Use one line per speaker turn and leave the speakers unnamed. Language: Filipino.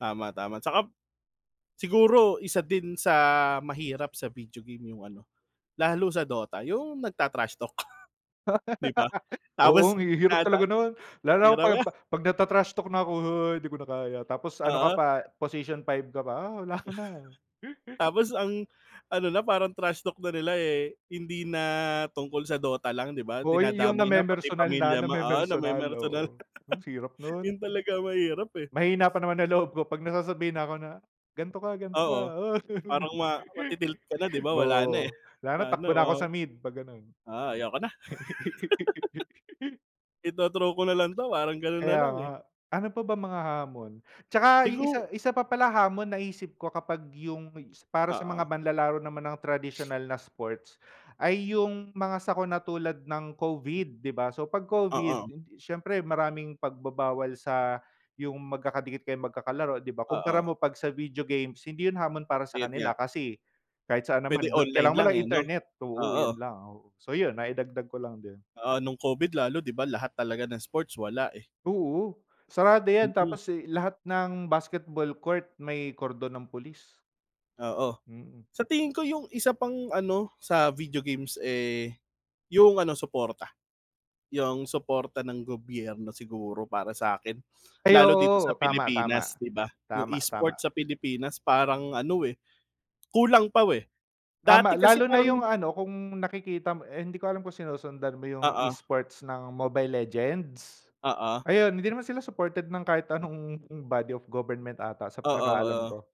Tama, tama tsaka, siguro isa din sa mahirap sa video game yung ano, lalo sa DOTA yung nagta-trash talk, di ba?
Oo,
Tapos
ang hihirap
tinata
talaga nun lalo na
hirap
pag
nga.
pag nagta-trash talk na ako "Uy di ko na kaya" Tapos ano ka
Oo.
pa position 5 ka pa, oh, wala na.
Tapos ang ano na, parang trash talk na nila eh, hindi na tungkol sa Dota lang di ba
Oo yun yung
dinadamay na pati
na-memersonal na
pamilya ma oo
na-memersonal
namemersonal,
oo hmm hirap
yun
nun.
talaga ang mahirap eh.
Mahina pa naman ng loob ko pag nasasabihin na ako na, "Ganto ka ganto ka
Oo.
uy."
Parang ma mati-tilt ka na di ba wala na eh,
Oo, lalo
wala na
takbo na ako
wow.
sa mid pag ganun.
Ah, ayaw ko na. Ito-throw ko na lang 'to parang ganun
Kaya
nalang
nga,
eh.
ano pa ba mga hamon? Tsaka isa
Sigu
isa pa pala hamon naisip ko kapag yung para sa mga
Oo.
manlalaro naman ng tradisyonal na sports, ay yung mga sakuna tulad ng Covid di ba? So pag Covid,
Oo.
siyempre maraming pagbabawal sa yung magkakadikit kayong magkakalaro di ba kumpara
Oo.
mo pag sa video games hindi yun hamon para sa
Ayun
kanila
nga.
kasi, kahit saan naman
Pwede online
kailangan mo
lang
lang
eh, 'no?
internet, oo,
Oo.
yun lang, oo, so yun naidagdag ko lang din.
Oo, nung Covid lalo di ba lahat talaga ng sports wala eh.
Oo, sarado yan
Mhm.
tapos eh, lahat ng basketball court may kordon ng pulis.
Oo.
Mm.
Sa tingin ko yung isa pang ano, sa video games eh, yung ano suporta. Yung suporta ng gobyerno siguro para sa'kin,
Ay
lalo dito sa
oo, tama,
Pilipinas
tama.
di ba, yung
tama,
e-sports
tama.
sa Pilipinas parang ano eh, kulang pa eh,
Tama
dati kasi
lalo na
parang
yung ano kung nakikita mo eh, hindi ko alam kung sinusundan mo yung
Oo.
e-sports ng Mobile Legends?
Oo.
Ayun hindi naman sila supported ng kahit anong body of government ata sa
Oo,
pagkakaalam ko.
oo.